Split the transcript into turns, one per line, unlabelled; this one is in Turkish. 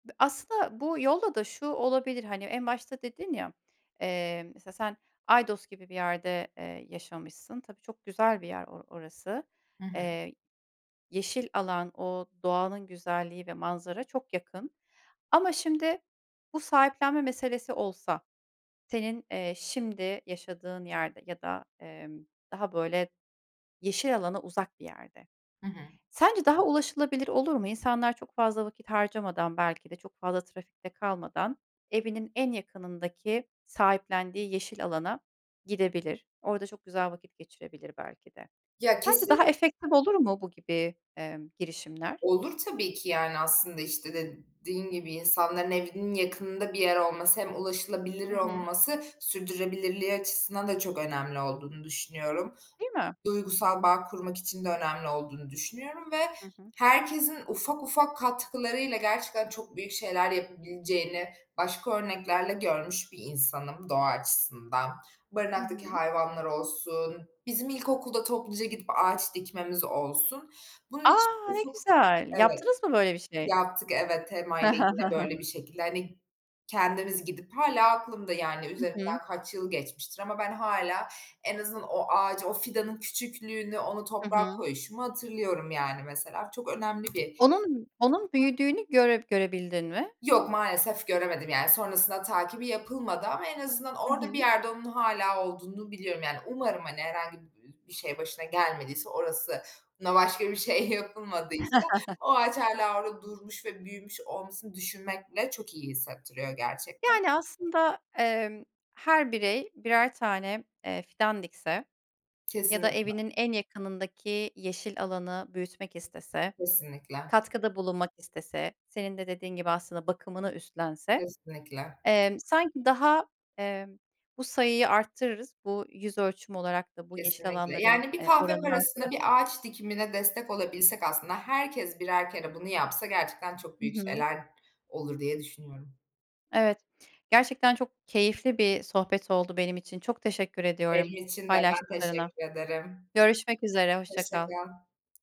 Aslında bu yolla da şu olabilir hani en başta dedin ya. Eee, mesela sen Aydos gibi bir yerde, eee, yaşamışsın. Tabii çok güzel bir yer o orası.
Hı hı.
Eee, yeşil alan o doğanın güzelliği ve manzara çok yakın. Ama şimdi bu sahiplenme meselesi olsa senin, eee, şimdi yaşadığın yerde ya da, emm, daha böyle yeşil alana uzak bir yerde
Hı hı.
sence daha ulaşılabilir olur mu? İnsanlar çok fazla vakit harcamadan belki de çok fazla trafikte kalmadan evinin en yakınındaki sahiplendiği yeşil alana gidebilir, orada çok güzel vakit geçirebilir belki de.
Ya
Sence daha
kesinli
efektif olur mu bu gibi, eee, girişimler?
Olur tabii ki. Yani aslında işte dediğin gibi insanların evinin yakınında bir yer olması hem ulaşılabilir
Hı hı.
olması sürdürülebilirliği açısından da çok önemli olduğunu düşünüyorum.
Değil mi?
Duygusal bağ kurmak için de önemli olduğunu düşünüyorum ve
Hı hı.
herkesin ufak ufak katkılarıyla gerçekten çok büyük şeyler yapabileceğini başka örneklerle görmüş bir insanım doğa açısından.
Hı
Barınaktaki
hı.
hayvanlar olsun, bizim ilkokulda topluca gidip ağaç dikmemiz olsun.
A,
Bunun için
ne
ufuk,
güzel.
evet,
Yaptınız mı böyle bir şey?
yaptık, evet. TEMA'yla yine böyle bir şekilde hani kendimiz gidip hâlâ aklımda yani
Hı hı.
üzerinden kaç yıl geçmiştir ama ben hâlâ en azından o ağacı, o fidanın küçüklüğünü, onu
Hı
toprağa
hı.
koyuşumu hatırlıyorum yani mesela çok önemli bir
Onun, onun büyüdüğünü
[unintelligible]
göre görebildin mi?
Yok, maalesef göremedim. Yani sonrasında takibi yapılmadı ama en az
Hı
orada bir
hı.
yerde onun hâlâ olduğunu biliyorum. Yani umarım hani herhangi bi bir şey başına gelmediyse, orasına başka bir şey yapılmadıysa o ağaç hâlâ orada durmuş ve büyümüş olmasını düşünmek bile çok iyi hissettiriyor gerçekten.
Yani aslında, eee, her birey birer tane, eee, fidan dikse ya da
Kesinlikle.
evinin en yakınındaki yeşil alanı büyütmek istese,
Kesinlikle.
katkıda bulunmak istese senin de dediğin gibi aslında bakımını üstlense,
Kesinlikle.
emm, sanki daha, eee, bu sayıyı arttırırız. Bu yüz ölçümü olarak da bu yeşil
Kesinlikle.
alanların,
Yani bir
eee,
kahve
oranını
parasına bir
arttırabiliriz.
ağaç dikimine destek olabilsek aslında herkes birer kere bunu yapsa gerçekten çok
Hı
büyük
hı.
şeyler olur diye düşünüyorum.
Evet. Gerçekten çok keyifli bir sohbet oldu benim için. Çok teşekkür ediyorum
Benim için de, ben
paylaştıklarına.
teşekkür ederim.
Görüşmek üzere, hoşça
Hoşça
kal.
kal.